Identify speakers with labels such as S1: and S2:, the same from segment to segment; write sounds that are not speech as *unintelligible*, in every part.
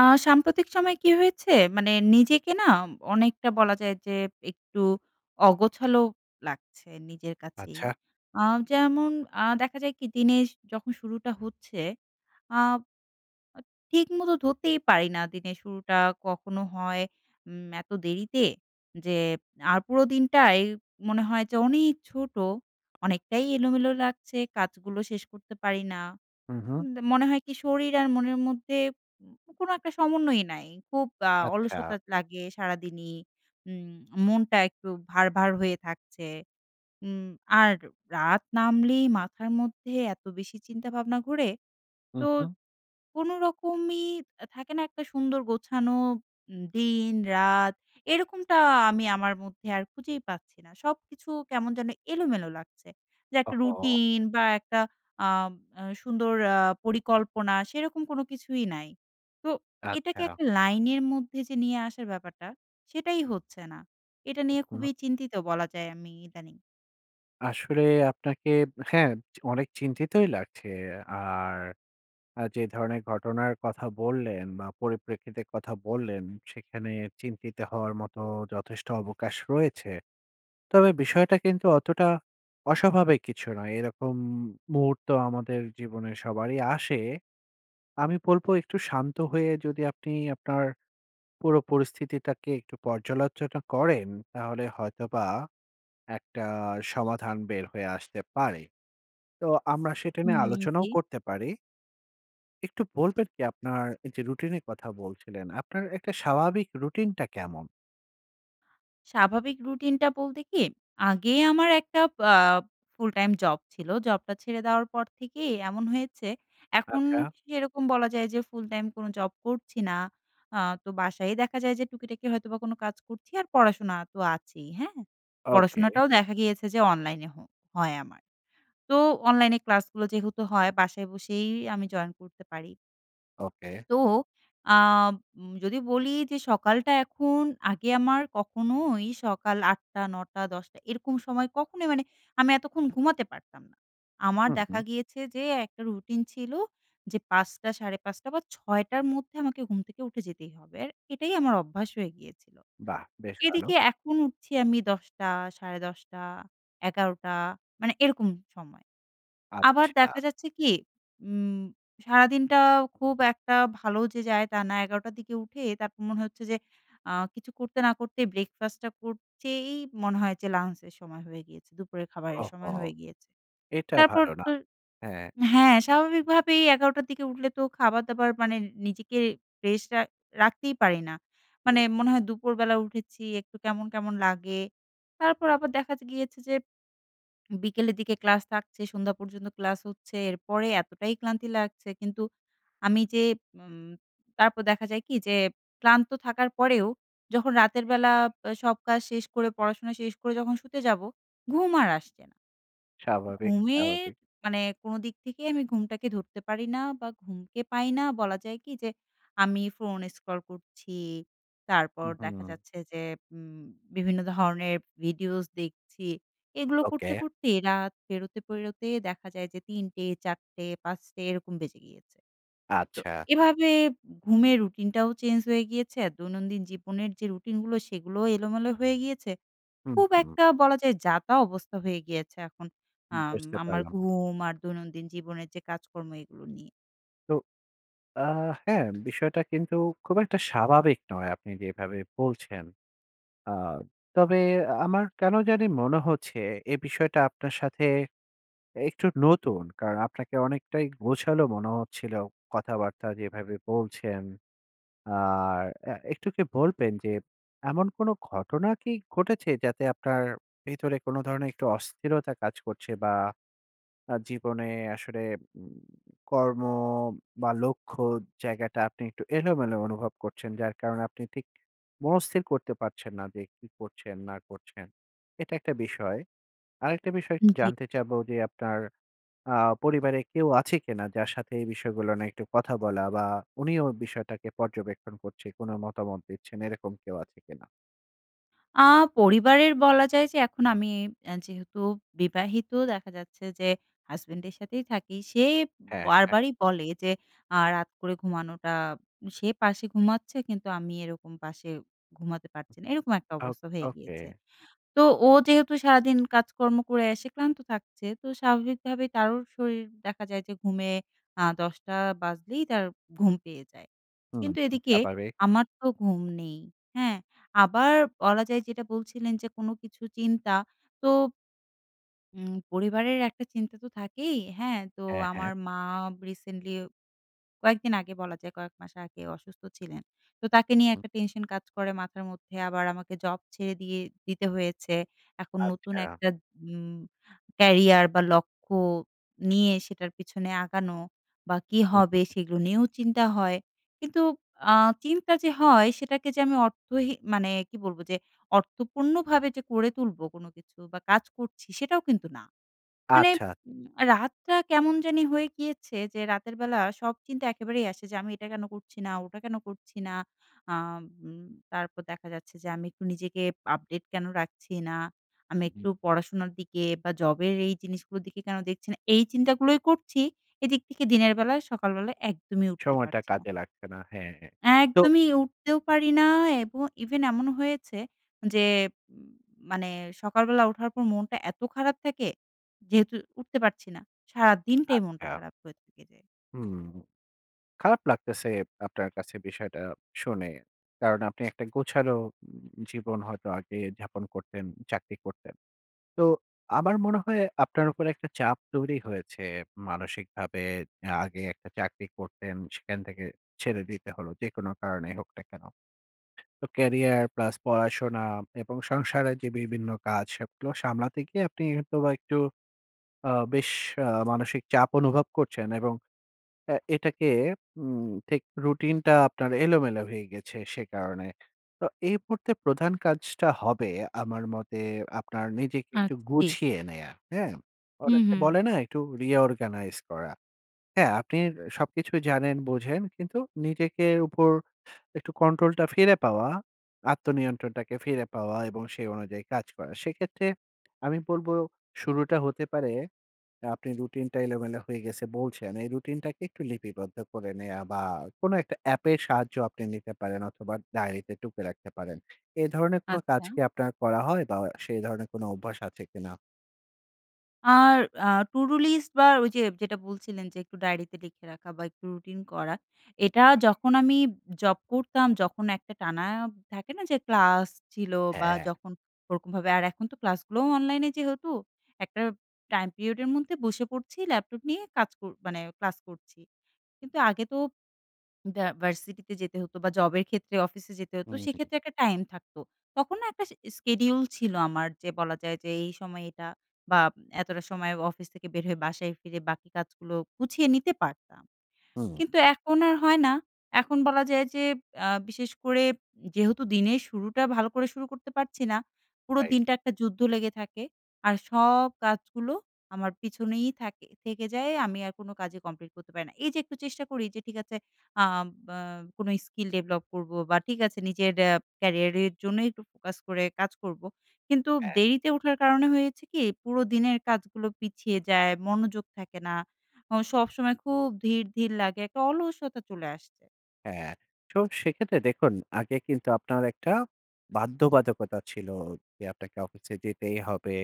S1: আ সাম্প্রতিক সময়ে কি হয়েছে, মানে নিজেকে না অনেকটা বলা যায় যে, একটু অগোছালো লাগছে নিজের কাছেই।
S2: আচ্ছা।
S1: আ যেমন আ দেখা যায় কি, দিনের যখন শুরুটা হচ্ছে, আ আ ঠিকমতো ধরতেই পারি না, দিনের শুরুটা কখনো হয়, উম এত দেরিতে, যে, আর পুরো দিনটাই মনে হয় যে অনেক ছোট, অনেকটাই এলোমেলো লাগছে, কাজগুলো শেষ করতে পারি না,
S2: হুম, হুম।
S1: আম মনে হয় কি শরীর আর মনের মধ্যে কোনো একটা সমন্বয়ই নাই, খুব আ
S2: আচ্ছা।
S1: অলসতা লাগে সারাদিনই। উম মনটা একটু ভার, ভার হয়ে থাকছে, উম আর রাত নামলেই মাথার মধ্যে এত বেশি চিন্তাভাবনা ঘোরে,
S2: হুম,
S1: তো
S2: হুম।
S1: কোনোরকমই, থাকে না একটা সুন্দর গোছানো দিন, রাত, এরকমটা আমি আমার মধ্যে আর খুঁজেই পাচ্ছি না। সবকিছু কেমন যেন এলোমেলো লাগছে, যে একটা
S2: ওহহো!
S1: রুটিন বা একটা আপ আ সুন্দর আ পরিকল্পনা, সেরকম কোনো কিছুই নাই, তো এটাকে
S2: আচ্ছা।
S1: একটা লাইনের মধ্যে যে নিয়ে আসার ব্যাপারটা, সেটাই হচ্ছে না, এটা নিয়ে
S2: আচ্ছা।
S1: খুবই চিন্তিত বলা যায় আমি ইদানিং।
S2: আসলে আপনাকে আব হ্যাঁ অনেক চিন্তিতই লাগছে আর আ যে ধরনের ঘটনার কথা বললেন বা পরিপ্রেক্ষিতের কথা বললেন, সেখানে চিন্তিত হওয়ার মতো যথেষ্ট অবকাশ রয়েছে। তবে বিষয়টা কিন্তু অতটা অস্বাভাবিক কিছু নয়। এরকম মুহূর্ত আমাদের জীবনে সবারই আসে। আমি বলবো একটু শান্ত হয়ে যদি আপনি আপনার পুরো পরিস্থিতিটাকে একটু পর্যালোচনা করেন, তাহলে হয়তোবা একটা সমাধান বের হয়ে আসতে পারে। তো আমরা সেটা নিয়ে
S1: হুম,
S2: আলোচনাও
S1: জি।
S2: করতে পারি। একটু বলবেন কি আপনার যে রুটিন এর কথা বলছিলেন, আপনার একটা স্বাভাবিক রুটিনটা কেমন?
S1: স্বাভাবিক রুটিনটা বলতে কি, আগে আমার একটা আ full-time job ছিল। Job টা ছেড়ে দেওয়ার পর থেকেই এমন হয়েছে। এখন
S2: আচ্ছা।
S1: সেরকম বলা যায় যে ফুল-টাইম কোনো job করছি না। আ তো বাসায়ই দেখা যায় যে টুকিটাকি হয়তো বা কোনো কাজ করছি আর পড়াশোনা তো আছেই, হ্যাঁ।
S2: ওকে।
S1: পড়াশোনাটাও দেখা গিয়েছে যে অনলাইনে হ হয় আমার। তো অনলাইনে ক্লাসগুলো যেহেতু হয় বাসায় বসেই আমি জয়েন করতে পারি।
S2: ওকে।
S1: তো আব উম যদি বলি যে সকালটা এখন আগে আমার কখনোই সকাল ৮ঃ০০, ৯ঃ০০, ১০ঃ০০ এরকম সময় কখনো মানে আমি এতক্ষণ ঘুমাতে পারতাম না। আমার
S2: হুম,
S1: দেখা
S2: হুম।
S1: গিয়েছে যে, একটা রুটিন ছিল যে ৫ঃ০০, ৫ঃ৩০ বা ৬ঃ০০ র মধ্যে আমাকে ঘুম থেকে উঠে যেতেই হবে, আর এটাই আমার অভ্যাস হয়ে গিয়েছিলো।
S2: বাহ! বেশ ভালো।
S1: এদিকে এখন উঠছি আমি ১০ঃ০০ ১০ঃ৩০ ১১ঃ০০ মানে এরকম সময়ে। আবার
S2: আচ্ছা।
S1: দেখা যাচ্ছে কি উম সারাদিনটা খুব একটা ভালো যে যায় তা না। ১১ঃ০০ র দিকে উঠে তারপর মনে হচ্ছে যে আ কিছু করতে না করতে breakfast টা করতেই মনে হয় যে lunch এর সময় হয়ে গিয়েছে। দুপুরের খাবারের সময়
S2: ওহহো!
S1: হয়ে গিয়েছে।
S2: এটা
S1: তারপর
S2: ভালো না।
S1: তো
S2: হ্যাঁ।
S1: হ্যাঁ, স্বাভাবিকভাবেই ১১ঃ০০ র দিকে উঠলে তো খাবার দাবার মানে নিজেকে rest আ রাখতেই পারি না। মানে মনে
S2: *unintelligible*
S1: হয় দুপুরবেলা উঠেছি একটু কেমন, কেমন লাগে। তারপর আবার দেখা যে গিয়েছে যে বিকেলের দিকে class থাকছে। সন্ধ্যা পর্যন্ত class হচ্ছে। এরপরে এতটাই ক্লান্তি লাগছে কিন্তু আমি যে উম তারপর দেখা যায় কি যে ক্লান্ত থাকার পরেও যখন রাতের বেলা এব সব কাজ শেষ করে পড়াশোনা শেষ করে যখন শুতে যাব ঘুম আর আসছে না।
S2: স্বাভাবিক,
S1: ঘুমের
S2: স্বাভাবিক।
S1: মানে কোনো দিক থেকে আমি ঘুমটাকে ধরতে পারি না বা ঘুমকে পাই না বলা যায় কি যে আমি ফোন scroll করছি, তারপর দেখা
S2: হুম।
S1: যাচ্ছে যে উম বিভিন্ন ধরনের videos দেখছি, এগুলো করতে,
S2: ওকে।
S1: করতে রাত পেরোতে, পেরোতে দেখা যায় যে ৩ঃ০০, ৪ঃ০০, ৫ঃ০০ এরকম বেজে গিয়েছে। তো
S2: আচ্ছা।
S1: এভাবে এব ঘুমের রূটিনটাও চেঞ্জ হয়ে গিয়েছে। দৈনন্দিন জীবনের যে রুটিনগুলো সেগুলোও এলোমেলো হয়ে গিয়েছে।
S2: হুম,
S1: খুব
S2: হুম।
S1: একটা বলা যায় যাতা অবস্থা হয়ে গিয়েছে এখন আম
S2: বুঝতে
S1: আমার
S2: পারলাম।
S1: ঘুম আর দৈনন্দিন জীবনের যে কাজকর্ম এগুলো নিয়ে।
S2: তো আ হ্যাঁ, বিষয়টা কিন্তু খুব একটা স্বাভাবিক নয়, আপনি যেভাবে বলছেন। আ তবে আমার কেন জানি মনে হচ্ছে, এ বিষয়টা আপনার সাথে এ একটু নতুন, কারণ আপনাকে অনেকটাই গোছালো মনে হচ্ছিলো, কথাবার্তা যেভাবে বলছেন, আর এ একটু কি বলবেন যে, এমন কোনো ঘটনা কি ঘটেছে যাতে আপনার ভিতরে কোনো ধরনের একটু অস্থিরতা কাজ করছে? বা, আ জীবনে আসলে উম কর্ম বা, লক্ষ্য জায়গাটা, আপনি একটু এলোমেলো অনুভব করছেন, যার কারণে আপনি ঠিক মনস্থির করতে পারছেন না যে, কি করছেন না করছেন? এটা একটা বিষয়। আরেকটা বিষয় একটু
S1: জি।
S2: জানতে চাবো যে, আপনার আ পরিবারে কেউ আছে কিনা, যার সাথে এই বিষয়গুলো নিয়ে একটু কথা বলা বা, উনিও বিষয়টাকে পর্যবেক্ষণ করছে, কোনো মতামত দিচ্ছেন। এরকম কেউ আছে কিনা?
S1: আ পরিবারের বলা যায় যে এখন আমি আ যেহেতু বিবাহিত, দেখা যাচ্ছে যে হাসব্যান্ডের সাথেই থাকি। সে
S2: হ্যাঁ, হ্যাঁ।
S1: বারবারই বলে যে, আ রাত করে ঘুমানোটা সে পাশে ঘুমাচ্ছে, কিন্তু আমি এরকম পাশে ঘুমাতে পারছি না। এরকম একটা
S2: ওক
S1: অবস্থা হয়ে
S2: ওকে।
S1: গিয়েছে। তো ও যেহেতু সারাদিন কাজকর্ম করে এসে ক্লান্ত থাকছে, তো স্বাভাবিকভাবে তারও শরীর দেখা যায় যে ঘুমে, আ ১০:০০ বাজলেই তার ঘুম পেয়ে যায়,
S2: হু,
S1: কিন্তু
S2: হু,
S1: এদিকে
S2: স্বাভাবিক।
S1: আমার তো ঘুম নেই। হ্যাঁ? আবার বলা যায় যেটা বলছিলেন যে, কোনো কিছু চিন্তা। তো উম পরিবারের একটা চিন্তা তো থাকেই। হ্যাঁ? তো
S2: হ্যাঁ,
S1: আমার
S2: হ্যাঁ।
S1: মা বা রিসেন্টলি কয়েকদিন আগে বলা যায় কয়েক মাস আগে অসুস্থ ছিলেন, তো তাকে নিয়ে
S2: হুম।
S1: একটা টেনশন কাজ করে মাথার মধ্যে, আবার আমাকে জব ছেড়ে দিয়ে দিতে হয়েছে, এখন নতুন
S2: আচ্ছা।
S1: একটা উম ক্যারিয়ার বা, লক্ষ্য নিয়ে সেটার পিছনে আগানো বা কী
S2: উ হু,
S1: হবে?
S2: হু।
S1: সেগুলো নিয়েও চিন্তা হয়। কিন্তু আ চিন্তা যে হয়, সেটাকে যে আমি অর্থহী মানে কি বলবো? যে, অর্থপূর্ণভাবে যে করে তুলবো কোনো কিছু বা, কাজ করছি, সেটাও কিন্তু না। মানে
S2: আচ্ছা।
S1: উম রাতটা কেমন জানি হয়ে গিয়েছে, যে রাতের বেলা সব চিন্তা একেবারেই আসে যে, আমি এটা কেন করছি না? ওটা কেন করছি না? আ উম তারপর দেখা যাচ্ছে যে আমি একটু নিজেকে আপডেট কেন রাখছি না? আমি
S2: হু, হুম।
S1: একটু পড়াশোনার দিকে বা, জবের এই জিনিসগুলোর দিকে কেন দেখছি না? এই চিন্তাগুলোই করছি, এদিক থেকে দিনের বেলায়, সকালবেলায় একদমই উঠতে
S2: সময়টা
S1: পারছি না।
S2: কাজে লাগছে না। হ্যাঁ, হ্যাঁ। তো
S1: একদমই উঠতেও পারি না এবং even এমন হয়েছে, যে উম মানে সকালবেলা উঠার পর মনটা এত খারাপ থাকে, যেহেতু উঠতে পারছি না, সারাদিনটাই মনটা
S2: আচ্ছা।
S1: খারাপ হয়ে থেকে যায়।
S2: হুম, খারাপ লাগতেছে আপনার কাছে বিষয়টা শুনে। কারণ, আপনি একটা গোছালো উম জীবন হয়তো আগে যাপন করতেন, চাকরি করতেন। তো আমার মনে হয় আপনার উপর একটা চাপ তৈরি হয়েছে, মানসিকভাবে। আ আগে একটা চাকরি করতেন, সেখান থেকে ছেড়ে দিতে হলো, যেকোনো কারণেই হোক না কেন? তো ক্যারিয়ার প্লাস পড়াশোনা এবং সংসারের যে বিভিন্ন কাজ, সবগুলো সামলাতে গিয়ে আপনি হয়তোবা একটু আ বেশ আ মানসিক চাপ অনুভব করছেন এবং এ এটাকে উম ঠিক রুটিনটা আপনার এলোমেলো হয়ে গেছে, সে কারণে। তা এই মুহূর্তে প্রধান কাজটা হবে আমার মতে, আপনার নিজেকে একটু
S1: আচ্ছা, জি।
S2: গুছিয়ে নেয়া, হ্যাঁ?
S1: হু,
S2: অনেকে
S1: হু।
S2: বলে না, একটু reorganize করা, হ্যাঁ? আপনি সবকিছুই জানেন, বোঝেন, কিন্তু নিজেকে উপর একটু কন্ট্রোলটা ফিরে পাওয়া, আত্মনিয়ন্ত্রণটাকে ফিরে পাওয়া এবং সেই অনুযায়ী কাজ করা। সেক্ষেত্রে আমি বলবো শুরুটা হতে পারে, অ্যা আপনি রুটিনটা এলোমেলো হয়ে গেছে, বলছেন। এই রুটিনটাকে একটু লিপিবদ্ধ করে নেয়া বা, কোনো একটা অ্যাপের সাহায্য আপনি নিতে পারেন, অথবা ডায়রিতে টুকে রাখতে পারেন। এ ধরনের কোন কাজ
S1: আচ্ছা।
S2: কি আপনার করা হয় বা, অ সে ধরণের কোনো অভ্যাস আছে কিনা?
S1: আর আ to do list বা, ওইযে যেটা বলছিলেন যে একটু ডায়েরিতে লিখে রাখা বা, একটু রুটিন করা। এটা যখন আমি উব জব করতাম যখন, একটা টানা থাকে না যে ক্লাস ছিল বা,
S2: হ্যাঁ।
S1: যখন ওরকমভাবে আর এখন তো ক্লাসগুলোও অনলাইনে যেহেতু একটা টাইম পিরিয়ডের মধ্যে বসে পড়ছি ল্যাপটপ নিয়ে কাজ কর মানে ক্লাস করছি। কিন্তু আগে তো ভ্য ভার্সিটিতে যেতে হতো বা, জবের ক্ষেত্রে অফিসে যেতে হতো।
S2: হুম।
S1: সেক্ষেত্রে একটা টাইম থাকতো। তখন না একটা sch schedule ছিল আমার। যে বলা যায় যে, এই সময় এটা বা, এতটা সময় অফিস থেকে বের হয়ে বাসায় ফিরে বাকি কাজগুলো গুছিয়ে নিতে পারতাম।
S2: হুম।
S1: কিন্তু এখন আর হয় না। এখন বলা যায় যে, আ বিশেষ করে যেহেতু দিনের শুরুটা ভালো করে শুরু করতে পারছি না, পুরো
S2: Right।
S1: দিনটা একটা যুদ্ধ লেগে থাকে আর সব কাজগুলো আমার পিছনেই থাকে থেকে যায়। আমি আর কোনো কাজই কমপ্লিট করতে পারি না। এইযে একটু চেষ্টা করি যে, ঠিক আছে, অ্যাঁম ব্য কোন স্কিল ডেভেলপ করবো বা, ঠিক আছে নিজের এ্যা কেরিয়ারের জন্যই একটু ফোকাস করে কাজ করবো। কিন্তু
S2: হ্যাঁ।
S1: দেরিতে ওঠার কারণে হয়েছে কি? পুরো দিনের কাজগুলো পিছিয়ে যায়। মনোযোগ থাকে না। অ সবসময় খুব ধীর, ধীর লাগে। একটা অলসতা চলে আসছে।
S2: হ্যাঁ, তো সেক্ষেত্রে দেখুন আগে কিন্তু আপনার একটা বাধ্যবাধকতা ছিল, যে আপনাকে অফিসে যেতেই হবে,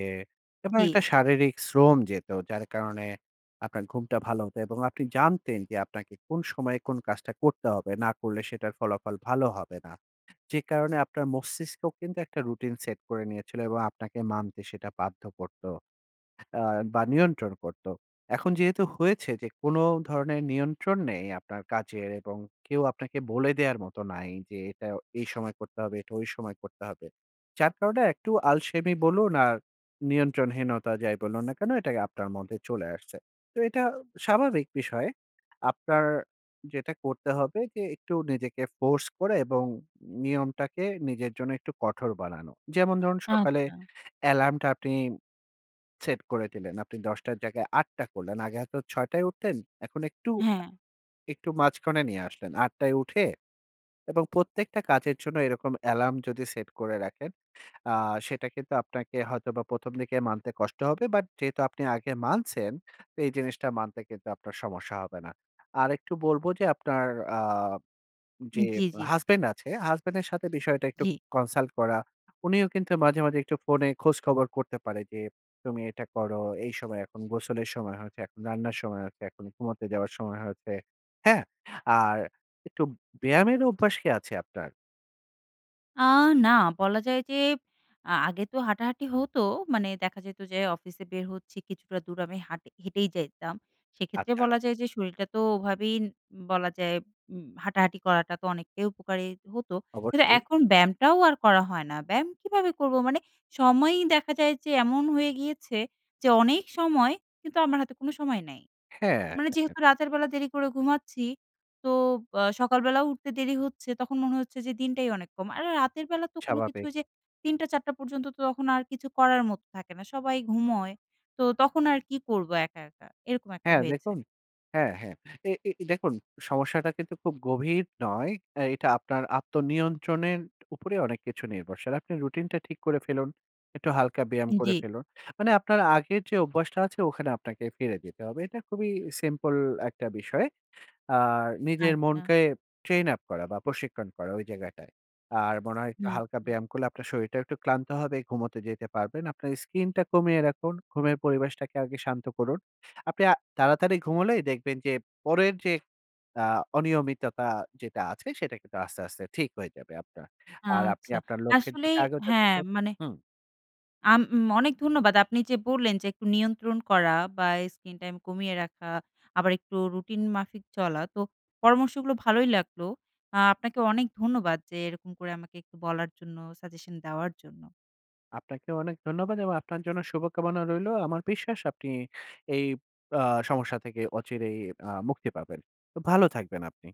S2: এবং
S1: জি।
S2: একটা শারীরিক শ্রম যেত যার কারণে আপনার ঘুমটা ভালো হতো এবং আপনি জানতেন যে আপনাকে কোন সময়ে কোন কাজটা করতে হবে, না করলে সেটার ফলাফল ভালো হবে না। যে কারণে আপনার মস্তিষ্কও কিন্তু একটা routine set করে নিয়েছিল, এবং আপনাকে মানতে সেটা বাধ্য করত, অ্যা বা নিয়ন্ত্রণ করত। এখন যেহেতু হয়েছে যে কোন ধরনের নিয়ন্ত্রণ নেই আপনার কাজের, এবং কেউ আপনাকে বলে দেওয়ার মতো নাই যে এটা এই সময় করতে হবে এটা ওই সময় করতে হবে। যার কারণে একটু আলসেমি বলুন, আর নিয়ন্ত্রণহীনতা যাই বলুন না কেন এটা আপনার মধ্যে চলে আসছে। তো এটা স্বাভাবিক বিষয়। আপনার যেটা করতে হবে যে একটু নিজেকে force করে এবইয়। ম নিয়মটাকে নিজের জন্য একটু কঠোর বানানো। যেমন ধরুন, সকালে
S1: আচ্ছা।
S2: alarm টা আপনি সেট করে দিলেন আপনি ১০ঃ০০ টর জায়গায় ৮ঃ০০ করলেন আগে হয়তো ৬ঃ০০ য় উঠতেন এখন একটু, আ
S1: হ্যাঁ।
S2: একটু মাঝখানে নিয়ে আসলেন। ৮ঃ০০ য় উঠে এবং প্রত্যেকটা কাজের জন্য এরকম alarm যদি সেট করে রাখেন, আ সেটা কিন্তু আপনাকে হয়তোবা ১ম দিকে মানতে কষ্ট হবে but যেহেতু আপনি আগে মানছেন। এই জিনিসটা মানতে কিন্তু আপনার সমস্যা হবে না। আর একটু বলব যে আপনার আ যে
S1: জি, জি।
S2: husband আছে, husband এর সাথে বিষয়টা একটু
S1: জি।
S2: consult করা। উনিও কিন্তু মাঝে, মাঝে একটু ফোনে খোঁজখবর করতে পারে যে তুমি এটা করো। এই সময় এখন গোসলের সময় হয়েছে, এখন রান্নার সময় হয়েছে। এখন ঘুমোতে যাওয়ার সময় হয়েছে। হ্যাঁ? আর একটু ব্যায়ামের অভ্যাস কি আছে আপনার?
S1: আ না, বলা যায় যে আ আগে তো হাঁটাহাঁটি হতো। মানে দেখা যেত যে, অফিসে বের হচ্ছি, কিছুটা দূর আমি হাঁট হেঁটেই যাইতাম। সেক্ষেত্রে
S2: আচ্ছা।
S1: বলা যায় যে, শরীরটা তো ওভাবেই উ বলা যায় উম হাঁটাহাঁটি করাটা তো অনেকটাই উপকারী হতো। কিন্তু
S2: অবশ্যই।
S1: এখন ব্যায়ামটাও আর করা হয় না। ব্যায়াম কীভাবে করবো, মানে সময়ই দেখা যায় যে, এমন হয়ে গিয়েছে যে, অনেক সময় কিন্তু আমার হাতে কোনো সময় নাই।
S2: হ্যাঁ,
S1: মানে
S2: হ্যাঁ।
S1: যেহেতু রাতের বেলা দেরি করে ঘুমাচ্ছি, তো অ সকালবেলা উঠতে দেরি হচ্ছে। তখন মনে হচ্ছে যে, দিনটাই অনেক কম। আর রা রাতের বেলা তো কোন কিছু
S2: স্বাভাবিক।
S1: ঐযে ৩ঃ০০ ৪ঃ০০ পর্যন্ত, তো তখন আর কিছু করার মতো থাকে না। সবাই ঘুমোয়। তো তখন আর কি করবো, একা, একা, এরকম একটা
S2: হ্যাঁ,
S1: হয়েছে।
S2: দেখুন, হ্যাঁ, হ্যাঁ। এ এ দেখুন, সমস্যাটা কিন্তু খুব গভীর নয়। অ্যা এটা আপনার আত্মনিয়ন্ত্রণের উপরে অনেক কিছু নির্ভরশীল। আপনি রুটিন টা ঠিক করে ফেলুন। একটু হালকা ব্যায়াম করে
S1: জি।
S2: ফেলুন। মানে আপনার আগের যে অভ্যাসটা আছে, ওখানে আপনাকে ফিরে যেতে হবে। এটা খুবই সিম্পল একটা বিষয়। আর নিজের
S1: আচ্ছা।
S2: মনকে ট্রেইন আপ করা বা প্রশিক্ষণ করা, ঐ জায়গাটায়। আর মনে হয় একটু
S1: না,
S2: হালকা
S1: না।
S2: ব্যায়াম করলে আপনার শরীরটাও একটু ক্লান্ত হবে, ঘুমোতে যেতে পারবেন। আপনার স্কিনটা কমিয়ে রাখুন। ঘুমের পরিবেশটাকে আগে শান্ত করুন। আপনি আ তাড়াতাড়ি ঘুমোলেই দেখবেন যে, পরের যে আ অনিয়মিততা যেটা আছে, সেটা কিন্তু আস্তে, আস্তে ঠিক হয়ে যাবে আপনার। আর আপনি
S1: আচ্ছা,
S2: আপনার লক্ষ্যের
S1: আসলেই
S2: দিকে আগাতে
S1: হ্যাঁ
S2: থাকুন।
S1: মানে
S2: হুম।
S1: আম ম অনেক ধন্যবাদ। আপনি যে বললেন যে একটু নিয়ন্ত্রণ করা বা স্কিন টাইম কমিয়ে রাখা, আবার একটু রুটিন মাফিক চলা। তো পরামর্শগুলো ভালোই লাগলো। আ আপনাকে অনেক ধন্যবাদ যে এরকম করে আমাকে একটু বলার জন্য, সাজেশন দেওয়ার জন্য।
S2: আপনাকেও অনেক ধন্যবাদ এবং আপনার জন্য শুভকামনা রইলো। আমার বিশ্বাস আপনি এই আ সমস্যা থেকে অচিরেই আ মুক্তি পাবেন। তো ভালো থাকবেন আপনি।